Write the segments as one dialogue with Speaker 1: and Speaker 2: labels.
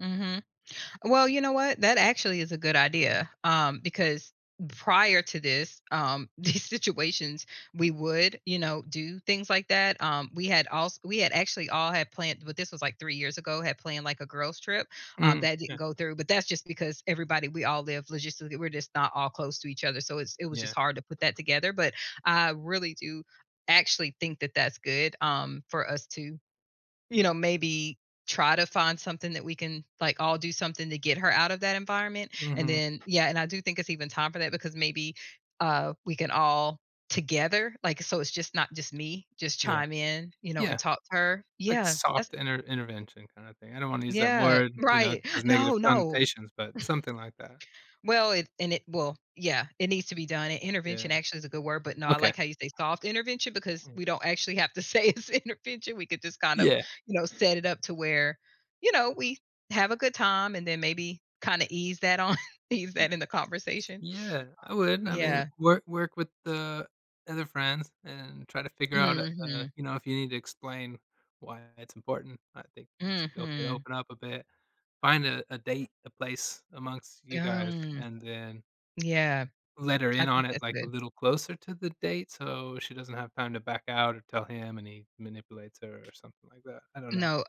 Speaker 1: Mhm. Well, you know what? That actually is a good idea. Um, because prior to this, um, these situations, we would, you know, do things like that. Um, we had als we had actually all had planned, but this was like 3 years ago, had planned, like, a girls trip, um,
Speaker 2: Mm.
Speaker 1: that didn't
Speaker 2: Yeah.
Speaker 1: go through, but that's just because everybody we all live logistically we're just not all close to each other. So it's it was just
Speaker 2: Yeah.
Speaker 1: hard to put that together, but I really do actually think that that's good, um, for us to, you know, maybe try to find something that we can, like, all do, something to get her out of that environment, and
Speaker 2: Mhm.
Speaker 1: then, yeah, and I do think it's even time for that because maybe, uh, we can all together, like, so it's just not just me, just
Speaker 2: Yeah.
Speaker 1: chime in, you know, and
Speaker 2: Yeah.
Speaker 1: talk to her.
Speaker 2: Like a
Speaker 1: Yeah, that's
Speaker 2: soft inter intervention kinda thing. I don't want to use that
Speaker 1: Yeah,
Speaker 2: word, you know, it
Speaker 1: right.
Speaker 2: has
Speaker 1: No,
Speaker 2: negative
Speaker 1: no.
Speaker 2: connotations, but something like that.
Speaker 1: Well it and it will yeah, it needs to be done and "intervention"
Speaker 2: Yeah.
Speaker 1: actually is a good word, but no,
Speaker 2: Okay.
Speaker 1: like how you say, "soft intervention" because
Speaker 2: Hmm.
Speaker 1: we don't actually have to say it's intervention. We could just kind of,
Speaker 2: Yeah.
Speaker 1: you know, set it up to where, you know, we have a good time and then maybe kind of ease that on ease
Speaker 2: Y
Speaker 1: that in the conversation.
Speaker 2: yeah, I would. I mean,
Speaker 1: Yeah.
Speaker 2: wor work with the other friends and try to figure out, uh uh,
Speaker 1: Mhm.
Speaker 2: you know, if you need to explain why it's important, I think it's okay to
Speaker 1: Mhm.
Speaker 2: open up a bit, find a a date, a place amongst you
Speaker 1: Yeah.
Speaker 2: guys
Speaker 1: M
Speaker 2: and then
Speaker 1: Yeah.
Speaker 2: let her
Speaker 1: I
Speaker 2: in
Speaker 1: think
Speaker 2: on it
Speaker 1: that's
Speaker 2: like a
Speaker 1: good.
Speaker 2: little closer to the date so she doesn't have time to back out or tell him and he manipulates her or something like that. I don't know.
Speaker 1: No.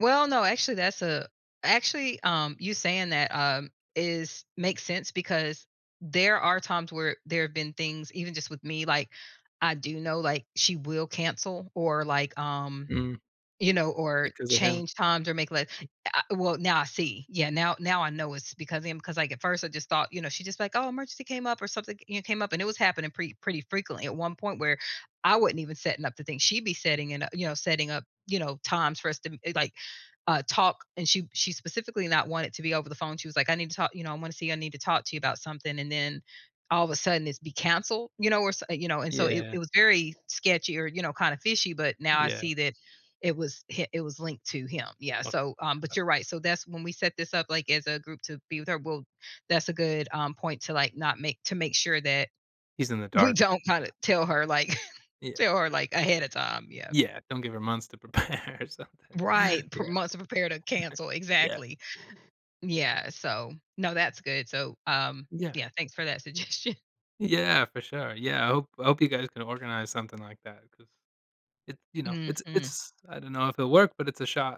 Speaker 1: Well, no, actually that's a actually, um, you saying that, um, is makes sense because there are times where there have been things, even just with me, like I do know, like she will cancel or like, um,
Speaker 2: Mm.
Speaker 1: you know, or
Speaker 2: Because of him.
Speaker 1: change times or make like uh well, now I see. Yeah, now now I know it's because of him because, like, at first I just thought, you know, she just like, "Oh, emergency came up or something," you kn came up and it was happening pretty pretty frequently at one point where I wasn't even setting up the thing. She'd be setting it u you know, setting up, you know, times for us to eh, like, uh, talk and she she specifically not want it to be over the phone. She was like, "I need to talk," you know, "I want to see I need to talk to you about something," and then all of a sudden it's be canceled, you know, where so, uh, you know, and so it
Speaker 2: Yeah.
Speaker 1: it was very sketchy or, you know, kinda fishy, but now I
Speaker 2: Yeah.
Speaker 1: see that it was hi it was linked to him. Yeah,
Speaker 2: Okay.
Speaker 1: so,
Speaker 2: Yeah.
Speaker 1: um, but you're right. So that's when we set this up like as a group to be with her. Well, that's a good, um, point to like, not make to make sure that
Speaker 2: He's in the
Speaker 1: we
Speaker 2: dark,
Speaker 1: don't kind
Speaker 2: yeah.
Speaker 1: of tell her like
Speaker 2: Yeah.
Speaker 1: tell her ahead of time, yeah.
Speaker 2: Yeah. Don't give her months to prepare or something. Yeah.
Speaker 1: Right. pro months are prepared to cancel.
Speaker 2: Yeah.
Speaker 1: Exactly. Yeah. So no, that's good. So, um,
Speaker 2: Yeah.
Speaker 1: yeah, thanks for that suggestion.
Speaker 2: Yeah. For sure. Yeah. I hope I hope you guys can organize something like that because it's, you know, it's
Speaker 1: Mhm.
Speaker 2: it's I don't know if it'll work, but it's a shot.